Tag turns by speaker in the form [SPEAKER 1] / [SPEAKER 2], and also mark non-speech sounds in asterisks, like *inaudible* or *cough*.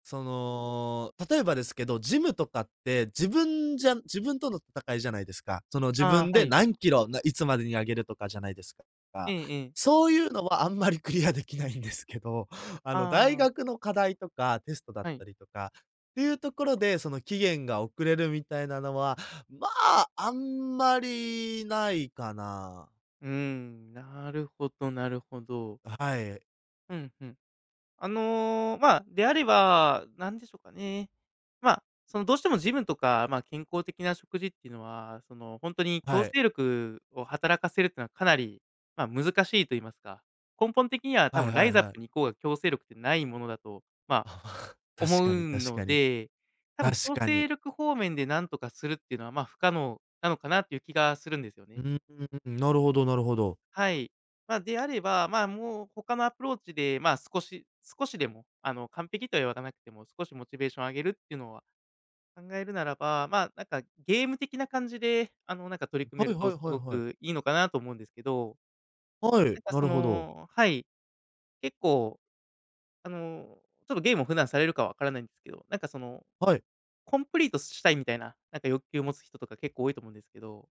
[SPEAKER 1] その、例えばですけど、ジムとかって、自分じゃ自分との戦いじゃないですか。その、自
[SPEAKER 2] あ
[SPEAKER 1] 分
[SPEAKER 2] あ、は
[SPEAKER 1] で
[SPEAKER 2] い。
[SPEAKER 1] 何キロ、ないつまでに上げるとかじゃないですか。
[SPEAKER 2] ええええ。
[SPEAKER 1] そういうのはあんまりクリアできないんですけど、あの、大
[SPEAKER 2] ああ。
[SPEAKER 1] 学の課題とか、テストだっ
[SPEAKER 2] はい。
[SPEAKER 1] たりとか、っていうところで、その期限が遅れるみたいなのは、まあ、あんまりないかな。
[SPEAKER 2] うん、なるほどなるほど。
[SPEAKER 1] はい。
[SPEAKER 2] うんうん。あの、まあ、であれば、なんでしょうかね。まあ、そのどうしてもジムとか、まあ、健康的な食事っていうのは、そのほんとに強
[SPEAKER 1] は
[SPEAKER 2] 制
[SPEAKER 1] い。
[SPEAKER 2] 力を働かせるってのはかなり、まあ、難しいと言いますか、根本的には多
[SPEAKER 1] はい
[SPEAKER 2] 分ラ
[SPEAKER 1] は
[SPEAKER 2] イ
[SPEAKER 1] い
[SPEAKER 2] ザッ
[SPEAKER 1] はい。
[SPEAKER 2] プに行こうが強制力ってないものだと、まあ、
[SPEAKER 1] ああ、確
[SPEAKER 2] 思
[SPEAKER 1] かに
[SPEAKER 2] う
[SPEAKER 1] 確
[SPEAKER 2] の
[SPEAKER 1] かに。
[SPEAKER 2] で、多分
[SPEAKER 1] 確
[SPEAKER 2] 強
[SPEAKER 1] かに。
[SPEAKER 2] 制力方面でなんとかするっていうのは、まあ、不可能なのかなっていう気がするんですよね。
[SPEAKER 1] うん、なるほどなるほど。
[SPEAKER 2] はい。まあ、であれば、まあ、もう他のアプローチで、まあ少し少しでも、あの完璧とはやらなくても、少しモチベーションを上げるっていうのは、考えるならば、まあ、なんかゲーム的な感じで、あの、なんか取り
[SPEAKER 1] *unintelligible*
[SPEAKER 2] 組
[SPEAKER 1] は
[SPEAKER 2] め
[SPEAKER 1] い
[SPEAKER 2] る
[SPEAKER 1] は
[SPEAKER 2] と
[SPEAKER 1] い
[SPEAKER 2] す
[SPEAKER 1] はい
[SPEAKER 2] ご
[SPEAKER 1] はい。
[SPEAKER 2] くいいのかなと思うんですけど。
[SPEAKER 1] は
[SPEAKER 2] な
[SPEAKER 1] い、
[SPEAKER 2] んか
[SPEAKER 1] な
[SPEAKER 2] そ
[SPEAKER 1] るほど。
[SPEAKER 2] のはい、結構、あのちょっとゲームを普段されるか分からないんですけど、なんかその、
[SPEAKER 1] はい。
[SPEAKER 2] コンプリートしたいみたいな、なんか欲求を持つ人とか結構多いと思うんですけど。